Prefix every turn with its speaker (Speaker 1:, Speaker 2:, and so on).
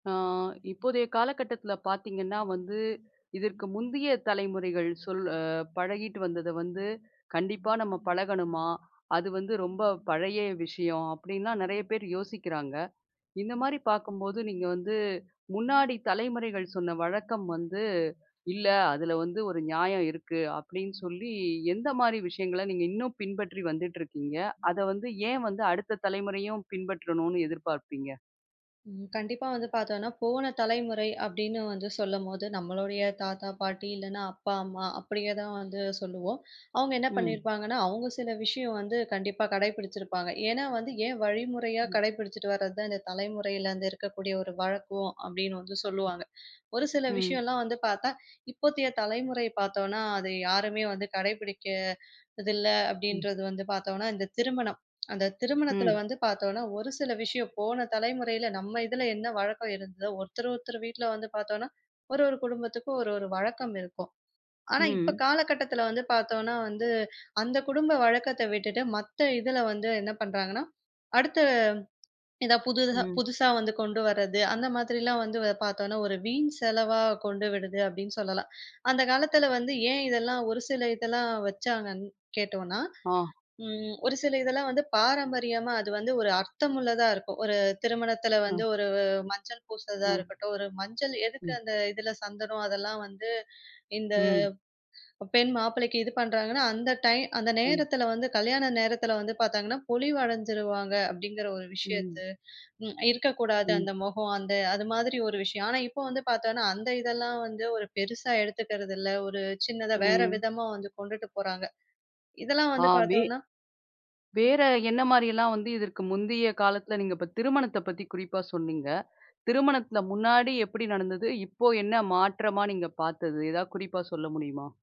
Speaker 1: ஆ, இப்போதய காலகட்டத்துல பாத்தீங்கன்னா வந்து, இதற்கு முந்திய தலைமுறைகள் சொல் அ பழக்கிட்டு வந்தத வந்து, கண்டிப்பா நம்ம பழகணுமா, அது வந்து ரொம்ப பழய விஷயம். அப்டின்னா நெறய பேர் யோசிக்குறாங்க. இந்த மாரி பாக்கும்போது நீங்க வந்து, முன்னாடி தலைமுறைகள் சொன்ன வழக்கம் வந்து, "இல்ல அதுல வந்து ஒரு நியாயம் இருக்கு." அப்டின்னு சொல்லி எந்த மாரி விஷயங்கள நீங்க இன்னும் பின்பற்றி வந்துட்டு இருக்கீங்க. அத வந்து ஏன் வந்து அடுத்த தலைமுறையும் பின்பற்றணும்னு எதிர்பார்ப்பீங்க?
Speaker 2: ம். கண்டிப்பா வந்து பாத்தோம்னா போன தலைமுறை அப்டின்னு வந்து சொல்லும்போது. நம்மளுடைய தாத்தா, பாட்டி இல்லன்னா அப்பா, அம்மா அப்டியே தான் வந்து சொல்லுவோம். அவங்க என்ன
Speaker 1: ம்.
Speaker 2: பண்ணிருப்பாங்கன்னா. அவங்க சில விஷயம் வந்து கண்டிப்பா கடைபிடிச்சிருப்பாங்க. ஏன்னா வந்து ஏன் வழிமுறையா
Speaker 1: ம்.
Speaker 2: கடைபிடிச்சிட்டு வர்றதுதான். இந்தத் தலைமுறையில இருக்கக்கூடிய ஒரு வழக்கம். அப்படின்னு வந்து சொல்லுவாங்க. ஒரு சில
Speaker 1: ம்.
Speaker 2: விஷயம்லாம் வந்து பாத்தா, இப்போத்திய தலைமுறை பாத்தோன்னா. அத யாருமே வந்து கடைபிடிக்ககிறதில்ல.
Speaker 1: ம்.
Speaker 2: அப்டின்றது வந்து பாத்தோம்னா இந்த திருமணம். அந்த திருமணத்துல
Speaker 1: ம்.
Speaker 2: வந்து பாத்தோன்னா ஒரு சில விஷயம். போன தலைமுறையில நம்ம இதுல என்ன வழக்கம் இருந்ததோ. ஒருத்தர் ஒருத்தர் வீட்ல வந்து பாத்தோம்னா ஒரு ஒரு குடும்பத்துக்கும் ஒரு, ஒரு வழக்கம் இருக்கும். ஆனா இப்ப
Speaker 1: ம்.
Speaker 2: காலகட்டத்துல வந்து பாத்தோம்னா வந்து, அந்த குடும்ப வழக்கத்த விட்டுட்டு மத்த இதுல வந்து என்ன பண்றாங்கன்னா. அடுத்த இதா புது
Speaker 1: ம்.
Speaker 2: புதுசா வந்து கொண்டு வர்றது. அந்த மாதிரிலாம் வந்து பாத்தோம்னா ஒரு வீண் செலவா கொண்டு விடுது அப்டின்னு சொல்லலாம், அந்தக் காலத்துல வந்து ஏன் இதெல்லாம் ஒரு சில இதெல்லாம் வச்சாங்கன்னு கேட்டோனா,
Speaker 1: அ.
Speaker 2: ம். ஒரு சில இதுலாம் வந்து பாரம்பரியமா, அது வந்து ஒரு அர்த்தமுள்ளதா இருக்கும். ஒரு திருமணத்துல
Speaker 1: அ.
Speaker 2: வந்து ஒரு மஞ்சள் பூசுறதா
Speaker 1: அ.
Speaker 2: இருக்கட்டும், ஒரு மஞ்சள் எதுக்கு
Speaker 1: ம்.
Speaker 2: அந்த இதுல சந்தனம், அதெல்லாம் வந்து இந்த
Speaker 1: ம்.
Speaker 2: பெண் மாப்பிள்ளைக்கு இது பண்றாங்கன்னா. அந்த டைம் அந்த
Speaker 1: ம்.
Speaker 2: நேரத்துல வந்து கல்யாண நேரத்துல வந்து பாத்தாங்கன்னா, பொலிவு அடைஞ்சுருவாங்க அப்டிங்கிற ஒரு விஷயத்த,
Speaker 1: ம்.
Speaker 2: ம். இருக்கக் கூடாது
Speaker 1: ம்.
Speaker 2: அந்த முகம். அந்த அது மாதிரி ஒரு விஷயம். ஆனா இப்ப வந்து பாத்தோன்னா அந்த இதெல்லாம் வந்து ஒரு பெருசா எடுத்துக்கிறதில்ல. ஒரு சின்னதா வேற
Speaker 1: ம்.
Speaker 2: விதமா வந்து கொண்டுட்டு போறாங்க. இதெல்லாம்
Speaker 1: ஆ.
Speaker 2: வந்து
Speaker 1: வே
Speaker 2: பாத்தோன்னா
Speaker 1: வேற என்ன மாதிரிலாம், வந்து இதற்கு முந்தய காலத்துல நீங்க இப்ப திருமணத்த பத்தி குறிப்பா சொன்னீங்க. திருமணத்த முன்னாடி எப்டி நடந்தது, இப்ப என்ன மாற்றமா நீங்க பாத்தது? எதாவது குறிப்பா சொல்ல முடியுமா?